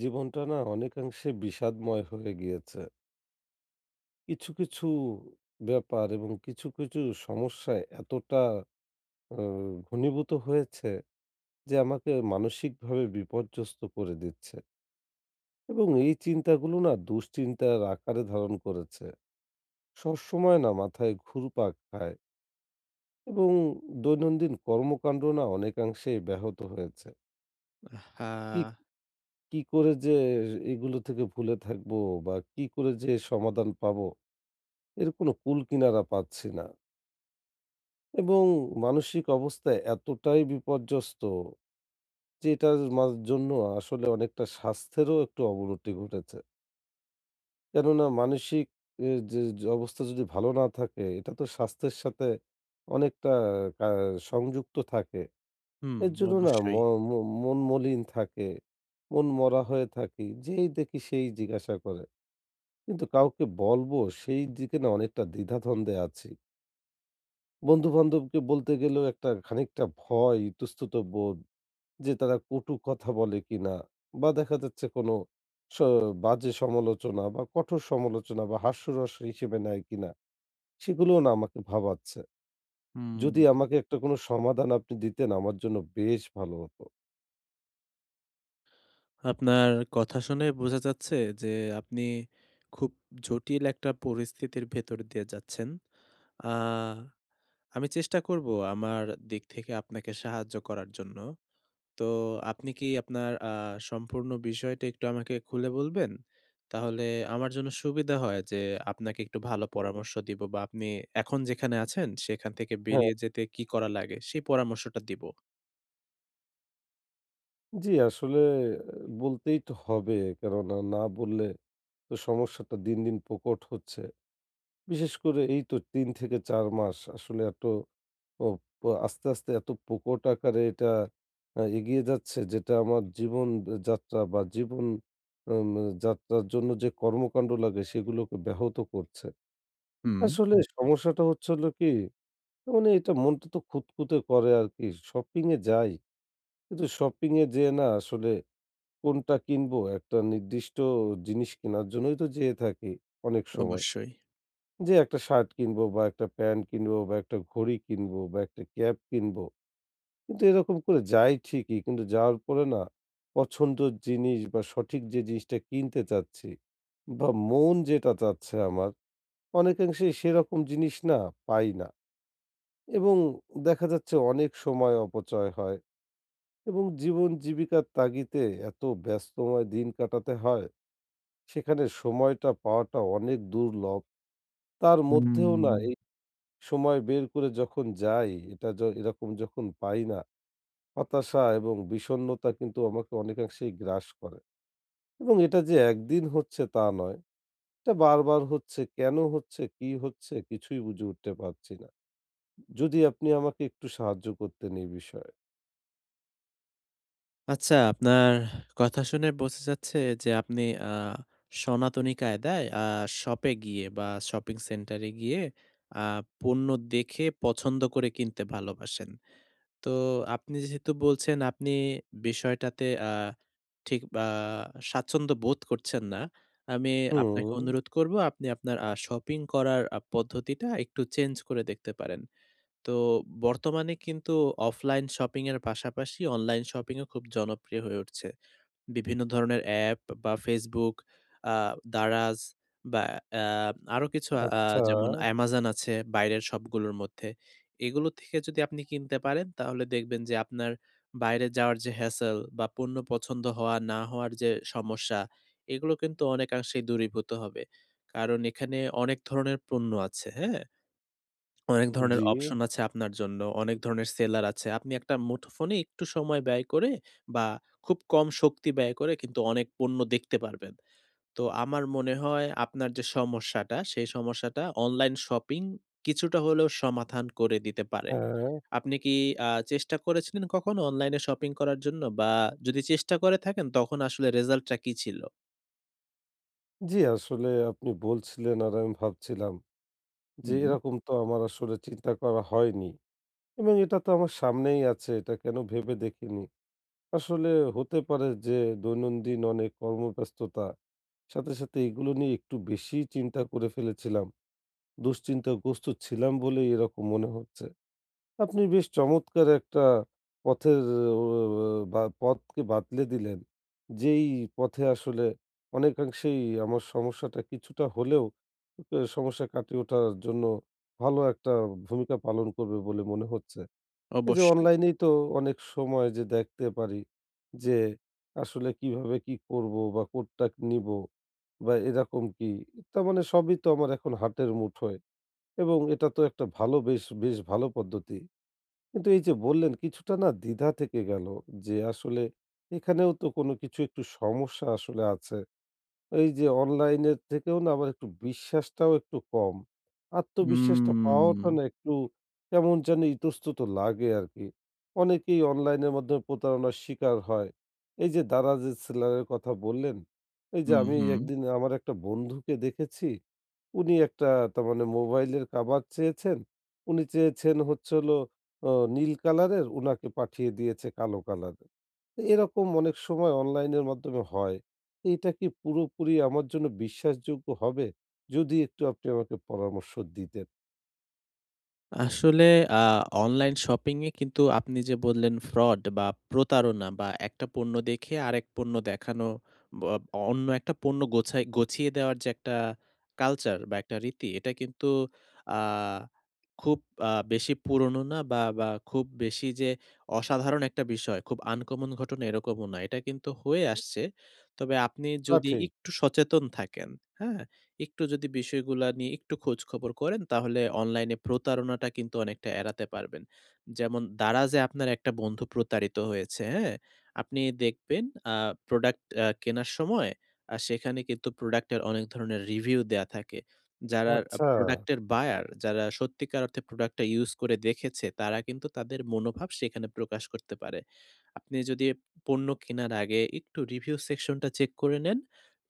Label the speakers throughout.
Speaker 1: জীবনটা না অনেকাংশে বিষাদময় হয়ে গিয়েছে। কিছু, কিছু ব্যাপার এবং কিছু, কিছু সমস্যায় এতটা অ ঘনীভূত হয়েছে যে আমাকে মানসিকভাবে বিপর্যস্ত করে দিচ্ছে। এবং এই চিন্তাগুলো না দুশ্চিন্তার আকারে ধারণ করেছে। সবসময় না মাথায় ঘুরপাক খায়। এবং দৈনন্দিন কর্মকাণ্ড না অনেকাংশেই ব্যাহত হয়েছে। কিক
Speaker 2: আহহা!
Speaker 1: কি করে যে এইগুলো থেকে ভুলে থাকব? বা কি করে যে সমাধান পাবো? এর কোনো কুলকিনারা পাচ্ছি না। এবং মানসিক অবস্থা এতটাই বিপর্যস্ত, যে এটার মাঝ জন্য আসলে অনেকটা স্বাস্থ্যেরও একটু অবনতি ঘটেছে। কেননা মানসিক এ যে অবস্থা যদি ভালো না থাকে, এটা তো স্বাস্থ্যের সাথে অনেকটা আ সংযুক্ত থাকে।
Speaker 2: হুম,
Speaker 1: এর জন্য না ম
Speaker 2: অবশ্যই।
Speaker 1: ম মন মলিন থাকে, মন মরা হয়ে থাকি। যেই দেখি সেই জিজ্ঞাসা করে। কিন্তু কাউকে বলবো, সেই দিকে না অনেকটা দ্বিধাধ্বন্দ্বে আছি। বন্ধু-বান্ধবকে বলতে গেলেও একটা খানিকটা ভয় ইতস্তত বোধ, যে তারা কটু কথা বলে কিনা বা দেখা যাচ্ছে কোন স বাজে সমালোচনা বা কঠোর সমালোচনা বা হাস্যরস হিসেবে নেয় কিনা? সেগুলোও না আমাকে ভাবাচ্ছে।
Speaker 2: হুম।
Speaker 1: যদি আমাকে একটা কোনো সমাধান আপনি দিতেন আমার জন্য বেশ ভালো হত।
Speaker 2: আপনার কথা শুনে বোঝা যাচ্ছে যে আপনি, খুব জটিল একটা পরিস্থিতির ভেতর দিয়ে যাচ্ছেন। আ আমি চেষ্টা করব আমার দিক থেকে আপনাকে সাহায্য করার জন্য। তো আপনি কি আপনার আ সম্পূর্ণ বিষয়টা একটু আমাকে খুলে বলবেন? তাহলে আমার জন্য সুবিধা হয় যে আপনাকে একটু ভালো পরামর্শ দিব বা আপনি এখন যেখানে আছেন সেখান থেকে
Speaker 1: হ্যাঁ।
Speaker 2: বেরিয়ে যেতে কি করা লাগে সেই পরামর্শটা দিবো।
Speaker 1: জ্বী, আসলে বলতেই তো হবে কেননা না বললে তো সমস্যাটা দিন, দিন, প্রকট হচ্ছে। বিশেষ করে এই তো ৩ থেকে ৪ মাস আসলে এত অপ আস্তে, আস্তে, এত প্রকট আকারে এটা আ এগিয়ে যাচ্ছে যেটা আমার জীবন অ যাত্রা বা জীবন উন যাত্রার জন্য যে কর্মকাণ্ড লাগে সেগুলোকে ব্যাহত করছে।
Speaker 2: হুম।
Speaker 1: আসলে সমস্যাটা হচ্ছে হল কি, মানে এটা মনটা তো খুঁতখুঁতে করে আর কি। শপিং এ যাই, কিন্তু শপিং এ যেয়ে না আসলে কোনটা কিনব একটা নির্দিষ্ট জিনিস কেনার জন্যই তো যেয়ে থাকি অনেক সময়।
Speaker 2: অবশ্যই।
Speaker 1: যেয়ে একটা শার্ট কিনব বা একটা প্যান্ট কিনব বা একটা ঘড়ি কিনব বা একটা ক্যাপ কিনব। কিন্তু এরকম করে যাই ঠিকই, কিন্তু যাওয়ার পরে না পছন্দের জিনিস বা সঠিক যে জিনিসটা কিনতে চাচ্ছি বা মন যেটা চাচ্ছে আমার। অনেকাংশেই সেরকম জিনিস না, পাই না। এবং দেখা যাচ্ছে অনেক সময় অপচয় হয়। এবং জীবন-জীবিকার তাগিদে এত ব্যস্তময় দিন কাটাতে হয়, সেখানে সময়টা পাওয়াটা অনেক দুর্লভ। তার
Speaker 2: হু,
Speaker 1: মধ্যেও না
Speaker 2: উম
Speaker 1: এই সময় বের করে যখন যাই এটা য এরকম যখন পাই না, হতাশা এবং বিষন্নতা কিন্তু আমাকে অনেকাংশেই গ্রাস করে। এবং এটা যে একদিন হচ্ছে তা নয়, এটা বার, বার, হচ্ছে কেন হচ্ছে, কি হচ্ছে কিছুই বুঝে উঠতে পারছি না। যদি আপনি আমাকে একটু সাহায্য করতেন এই বিষয়ে।
Speaker 2: আচ্ছা, আপনার কথা শুনে বোঝা যাচ্ছে যে, আপনি আ সনাতনী কায়দায় আ শপে গিয়ে, বা শপিং সেন্টারে গিয়ে, আ পণ্য দেখে পছন্দ করে কিনতে ভালোবাসেন। তো আপনি যেহেতু বলছেন, আপনি বিষয়টাতে আ ঠিক বা স্বাচ্ছন্দ্য বোধ করছেন না। আমি আপনাকে
Speaker 1: হুম।
Speaker 2: অনুরোধ করব, আপনি আপনার আ শপিং করার আ পদ্ধতিটা একটু চেঞ্জ করে দেখতে পারেন। তো বর্তমানে কিন্তু অফলাইন শপিংয়ের পাশাপাশি অনলাইন শপিংও খুব জনপ্রিয় হয়ে উঠছে। বিভিন্ন ধরনের অ্যাপ বা Facebook, আ Daraz, বা আ আরো কিছু আ
Speaker 1: আচ্ছা।
Speaker 2: যেমন Amazon আছে বাইরের শপগুলোর মধ্যে। এগুলো থেকে যদি আপনি কিনতে পারেন, তাহলে দেখবেন যে, আপনার বাইরে যাওয়ার যে, হ্যাসেল, বা পণ্য পছন্দ হওয়া না হওয়ার যে, সমস্যা, এগুলো কিন্তু অনেকাংশেই দূরীভূত হবে। কারণ এখানে অনেক ধরনের পণ্য আছে, হ্যাঁ? অনেক ধরনের
Speaker 1: জি।
Speaker 2: অপশন আছে আপনার জন্য, অনেক ধরনের সেলার আছে। আপনি একটা মুঠোফোনে একটু সময় ব্যয় করে, বা খুব কম শক্তি ব্যয় করে, কিন্তু অনেক পণ্য দেখতে পারবেন। তো আমার মনে হয়, আপনার যে, সমস্যাটা, সেই সমস্যাটা অনলাইন শপিং কিছুটা হলেও সমাধান করে দিতে পারে।
Speaker 1: হ্যাঁ।
Speaker 2: আপনি কী আ চেষ্টা করেছিলেন কখনো অনলাইনে শপিং করার জন্য? বা যদি চেষ্টা করে থাকেন, তখন আসলে result টা কী ছিল?
Speaker 1: জি, আসলে আপনি বলছিলেন আর আমি ভাবছিলাম।
Speaker 2: হু,
Speaker 1: যে,
Speaker 2: হুম।
Speaker 1: এরকম তো আমার আসলে চিন্তা করা হয়নি। এবং এটা তো আমার সামনেই আছে এটা কেন ভেবে দেখিনি? আসলে হতে পারে যে, দৈনন্দিন অনেক কর্মব্যস্ততা। সাথে, সাথে এইগুলো নিয়ে একটু বেশিই চিন্তা করে ফেলেছিলাম। দুশ্চিন্তাগ্রস্ত ছিলাম বলেই এরকম মনে হচ্ছে। আপনি বেশ চমৎকার একটা পথের এ অ আ বা পথকে বাতলে দিলেন, যেই পথে আসলে অনেকাংশেই আমার সমস্যাটা কিছুটা হলেও অক সমস্যা কাটিয়ে ওঠার জন্য ভালো একটা ভূমিকা পালন করবে বলে মনে হচ্ছে। এই যে,
Speaker 2: অবশ্যই।
Speaker 1: অনলাইনেই তো অনেক সময় যে, দেখতে পারি যে, আসলে কীভাবে কি করব বা কোনটা নিব বা এরকম কী? তা মানে সবই তো আমার এখন হার্টের মুঠোয়। এবং এটা তো একটা ভালো বেশ, বেশ ভালো পদ্ধতি। কিন্তু এই যে, বললেন কিছুটা না দ্বিধা থেকে গেল। যে, আসলে এখানেও তো কোনো কিছু একটু সমস্যা আসলে আছে। এই যে, অনলাইনের থেকেও না আমার একটু বিশ্বাসটাও একটু কম। আত্মবিশ্বাসটা পাওয়াটা
Speaker 2: উম।
Speaker 1: না একটু কেমন যেন ইতস্তত লাগে আরকি। অনেকেই অনলাইনের মাধ্যম প্রতারণার শিকার হয়। এই যে, Daraz এ সেলারের কথা বললেন। এই যে,
Speaker 2: হু,
Speaker 1: আমি
Speaker 2: হুম।
Speaker 1: একদিন আমার একটা বন্ধুকে দেখেছি। উনি একটা তারমানে মোবাইলের কাভার চেয়েছেন। উনি চেয়েছেন হচ্ছে হল ও নীল কালারের, উনাকে পাঠিয়ে দিয়েছে কালো কালারের। তো এরকম অনেক সময় অনলাইন এর মাধ্যমে হয়। এইটা কি পুরোপুরি আমার জন্য বিশ্বাসযোগ্য হবে? যদি একটু আপনি আমাকে পরামর্শ দিতেন?
Speaker 2: আসলে আ অনলাইন শপিং এ কিন্তু আপনি যে, বললেন ফ্রড বা প্রতারণা বা একটা পণ্য দেখে আরেক পণ্য দেখানো। ব অব অন্য একটা পণ্য গোছায় গছিয়ে দেওয়ার যে, একটা কালচার বা একটা রীতি এটা কিন্তু আ খুব আ বেশি পুরোনো না বা বা খুব বেশি যে, অসাধারণ একটা বিষয় খুব আনকমন ঘটনা এরকমও না। এটা কিন্তু হয়ে আসছে। তবে আপনি
Speaker 1: তা
Speaker 2: যদি
Speaker 1: ঠিক।
Speaker 2: একটু সচেতন থাকেন। হ্যাঁ, একটু যদি বিষয়গুলা নিয়ে একটু খোঁজখবর করেন তাহলে অনলাইনে প্রতারণাটা কিন্তু অনেকটা এড়াতে পারবেন। যেমন দারাজে আপনার একটা বন্ধু প্রতারিত হয়েছে হ্যাঁ, আপনি দেখবেন আ প্রোডাক্ট আ কেনার সময় আ সেখানে কিন্তু প্রোডাক্ট এর অনেক ধরনের রিভিউ দেওয়া থাকে। যারা আ
Speaker 1: আচ্ছা।
Speaker 2: প্রোডাক্ট এর বায়ার, যারা সত্যিকার অর্থে প্রোডাক্ট টা ইউজ করে দেখেছে তারা কিন্তু তাদের মনোভাব সেখানে প্রকাশ করতে পারে। আপনি যদি এব পণ্য কেনার আগে একটু রিভিউ সেকশনটা চেক করে নেন।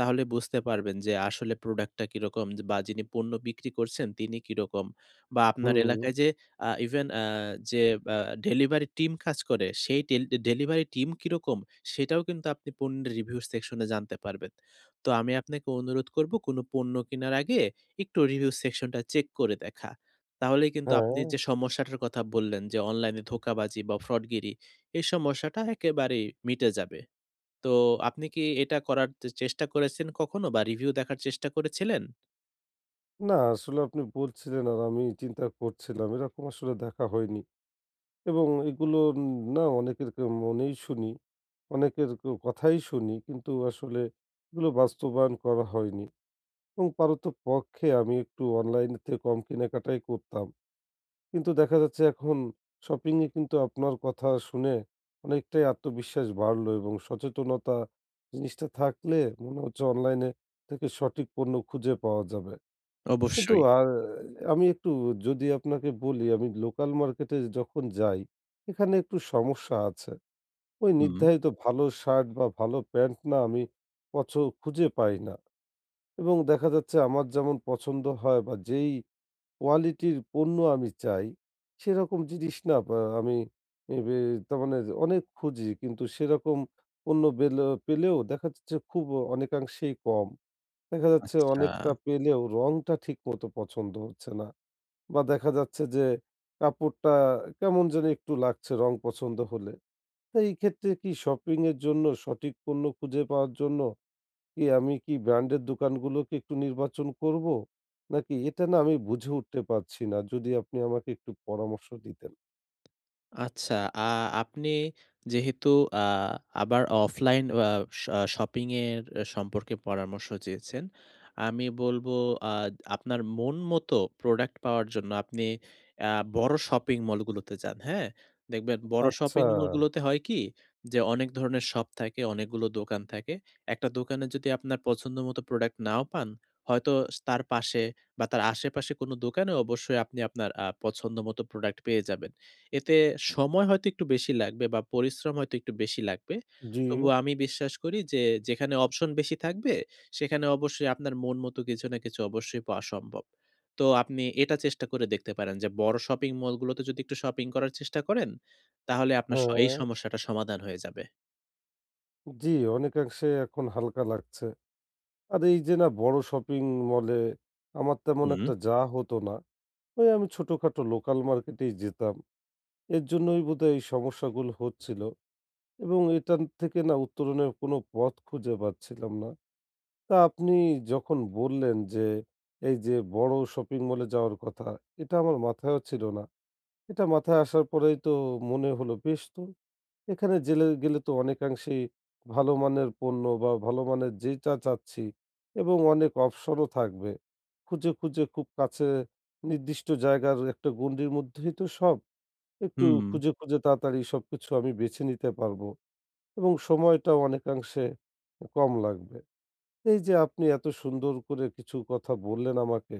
Speaker 2: তাহলে বুঝতে পারবেন যে, আসলে প্রোডাক্টটা কি রকম? যে বা যিনি পণ্য বিক্রি করছেন তিনি কি রকম? বা আপনার
Speaker 1: হুম।
Speaker 2: এলাকায় যে, আ ইভেন আ যে, আ ডেলিভারি টিম কাজ করে। সেই টিল্ব ডেলিভারি টিম কি রকম? সেটাও কিন্তু আপনি পণ্যের রিভিউ সেকশনে জানতে পারবেন। তো আমি আপনাকে অনুরোধ করব কোন পণ্য কেনার আগে একটু রিভিউ সেকশনটা চেক করে দেখা। তাহলেই কিন্তু আপনি
Speaker 1: হ্যাঁ।
Speaker 2: যে, সমস্যাটার কথা বললেন যে, অনলাইনে ধোঁকাবাজি বা ফ্রডগিরি, এই সমস্যাটা একেবারেই মিটে যাবে। তো আপনি কি এটা করার চে চেষ্টা করেছেন কখনো বা রিভিউ দেখার চেষ্টা করেছিলেন?
Speaker 1: না, আ আসলে আপনি বলছিলেন আর আমি ই চিন্তা করছিলাম এরকম আসলে দেখা হয়নি, এবং এগুলো উম না অনেকের কের মনেই শুনি। অনেকের কেউ কথাই শুনি কিন্তু আসলে এগুলো বাস্তবায়ন করা হয়নি এবং পারতপক্ষে আমি একটু অনলাইনের থেকে কম কেনাকাটাই করতাম। কিন্তু দেখা যাচ্ছে এখন শপিংয়ে কিন্তু আপনার কথা শুনে অনেকটাই আত্মবিশ্বাস বাড়লো এবং সচেতনতা জিনিসটা থাকলে মনে হচ্ছে অনলাইনে থেকে সঠিক পণ্য খুঁজে পাওয়া যাবে কিন্তু
Speaker 2: অবশ্যই।
Speaker 1: আর আমি একটু যদি আপনাকে বলি আমি লোকাল মার্কেটে যখন যাই, এখানে একটু সমস্যা আছে। ওই
Speaker 2: উম।
Speaker 1: নির্ধারিত ভালো শার্ট বা ভালো প্যান্ট না আমি পছ খুঁজে পাই না এবং দেখা যাচ্ছে আমার যেমন পছন্দ হয় বা যেইই কোয়ালিটির পণ্য আমি চাই সেরকম জিনিস না আব আমি ইবি তার মানে অনেক খুঁজি কিন্তু সেরকম পণ্য বেলে পেলেও দেখা যাচ্ছে খুব অনেকাংশেই কম। দেখা যাচ্ছে
Speaker 2: আচ্ছা।
Speaker 1: অনেকটা পেলেও রঙটা ঠিকমতো পছন্দ হচ্ছে না বা দেখা যাচ্ছে যে, কাপড়টা কেমন যেন একটু লাগছে রং পছন্দ হলে। তো এই ক্ষেত্রে কি শপিংয়ের জন্য সঠিক পণ্য খুঁজে পাওয়ার জন্য কি আমি কি ব্র্যান্ডের দোকানগুলোকে একটু নির্বাচন করব? নাকি এটা না আমি বুঝে উঠতে পারছি না যদি আপনি আমাকে একটু পরামর্শ দিতেন।
Speaker 2: আচ্ছা আ আপনি যেহেতু আ আবার অফলাইন অ শ শপিং এর সম্পর্কে পরামর্শ চেয়েছেন। আমি বলব আ আপনার মন মতো প্রোডাক্ট পাওয়ার জন্য আপনি আ বড় শপিং মল গুলোতে যান। হ্যাঁ? দেখবেন বড়
Speaker 1: আচ্ছা।
Speaker 2: শপিং মল গুলোতে হয় কি? যে অনেক ধরনের শপ থাকে, অনেকগুলো দোকান থাকে। একটা দোকানে যদি আপনার পছন্দ মতো প্রোডাক্ট নাও পান, হয়তো তার পাশে বা তার আশেপাশে কোন দোকানেও অবশ্যই আপনি আপনার আ পছন্দ মতো প্রোডাক্ট পেয়ে যাবেন। এতে সময় হয়তো একটু বেশি লাগবে বা পরিশ্রম হয়তো একটু বেশি লাগবে।
Speaker 1: জি।
Speaker 2: তবুও আমি বিশ্বাস করি যে যেখানে অপশন বেশি থাকবে সেখানে অবশ্যই আপনার মন মতো কিছু না কিছু অবশ্যই পাওয়া সম্ভব। তো আপনি এটা চেষ্টা করে দেখতে পারেন যে বড় শপিং মলগুলোতে যদি একটু শপিং করার চেষ্টা করেন, তাহলে আপনার স এই
Speaker 1: হ্যাঁ।
Speaker 2: সমস্যাটা সমাধান হয়ে যাবে।
Speaker 1: জি, অনেকাংশে এখন হালকা লাগছে। আর এই যে না বড়ো শপিং মলে আমার তেমন
Speaker 2: হু।
Speaker 1: একটা যাওয়া হত না। ওই আমি ছোটোখাটো লোকাল মার্কেটেই যেতাম। এর জন্যই বোধহয় এই সমস্যাগুলো হচ্ছিলো। এবং এটান থেকে না উত্তরণের কোনো পথ খুঁজে পাচ্ছিলাম না। তা আপনি যখন বললেন যে এই যে বড়ো শপিং মলে যাওয়ার কথা এটা আমার মাথায়ও ছিল না। এটা মাথায় আসার পরেই তো মনে হল বেশ তো। এখানে জেলে গেলে তো অনেকাংশেই ভালো মানের পণ্য বা ভালো মানের যে চা চাচ্ছি এবং অনেক অবশনও থাকবে। খুঁজে, খুঁজে, খুব কাছে নির্দিষ্ট জায়গার একটা গণ্ডির মধ্যেই তো সব একটু
Speaker 2: হুম।
Speaker 1: খুঁজে, খুঁজে, তাড়াতাড়ি সবকিছু আমি বেছে নিতে পারব এবং সময়টাও অনেকাংশে কম লাগবে। এই যে আপনি এত সুন্দর করে কিছু কথা বললেন আমাকে,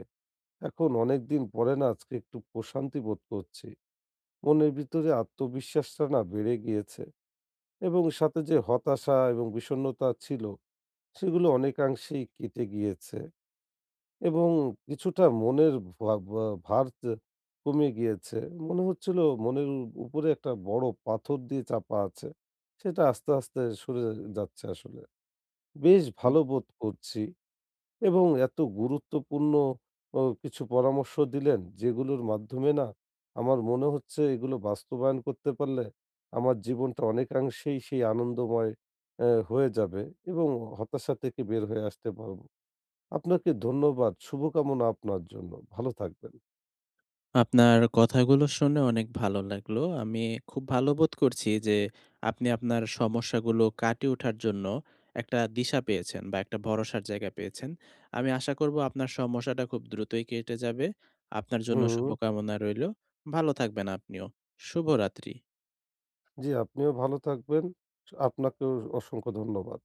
Speaker 1: এখন অনেক দিন পরে না আজকে একটু প্রশান্তি বোধ করছি। মনের ভিতরে আত্মবিশ্বাসটা না বেড়ে গিয়েছে। এবং সাথে যে হতাশা এবং বিষণ্ণতা ছিল সেগুলো অনেকাংশেই কেটে গিয়েছে। এবং কিছুটা মনের ভা ভা ভার তে কমে গিয়েছে। মনে হচ্ছিল মনের উ উপরে একটা বড়ো পাথর দিয়ে চাপা আছে। সেটা আস্তে, আস্তে, সরে যাচ্ছে আসলে বেশ
Speaker 2: হুম।
Speaker 1: ভালো বোধ করছি। এবং এত গুরুত্বপূর্ণ অ কিছু পরামর্শ দিলেন যেগুলোর মাধ্যমে না আমার মনে হচ্ছে এগুলো বাস্তবায়ন করতে পারলে আমার জীবনটা অনেকাংশেই সেই আনন্দময় আ হয়ে যাবে এবং হতাশা থেকে বের হয়ে আসতে পারব। আপনাকে ধন্যবাদ। শুভকামনা আপনার জন্য ভালো থাকবেন।
Speaker 2: আপনার কথাগুলো শুনে অনেক ভালো লাগলো। আমি খুব ভালো বোধ করছি যে, আপনি আপনার সমস্যাগুলো কাটিয়ে ওঠার জন্য একটা দিশা পেয়েছেন বা একটা ভরসার জায়গা পেয়েছেন। আমি আশা করব আপনার সমস্যাটা খুব দ্রুতই কেটে যাবে। আপনার জন্য
Speaker 1: হুম।
Speaker 2: শুভকামনা রইলো। ভালো থাকবেন আপনিও। শুভরাত্রি।
Speaker 1: জি, আপনিও ভালো থাকবেন। স আপনাকেও অসংখ্য ধন্যবাদ।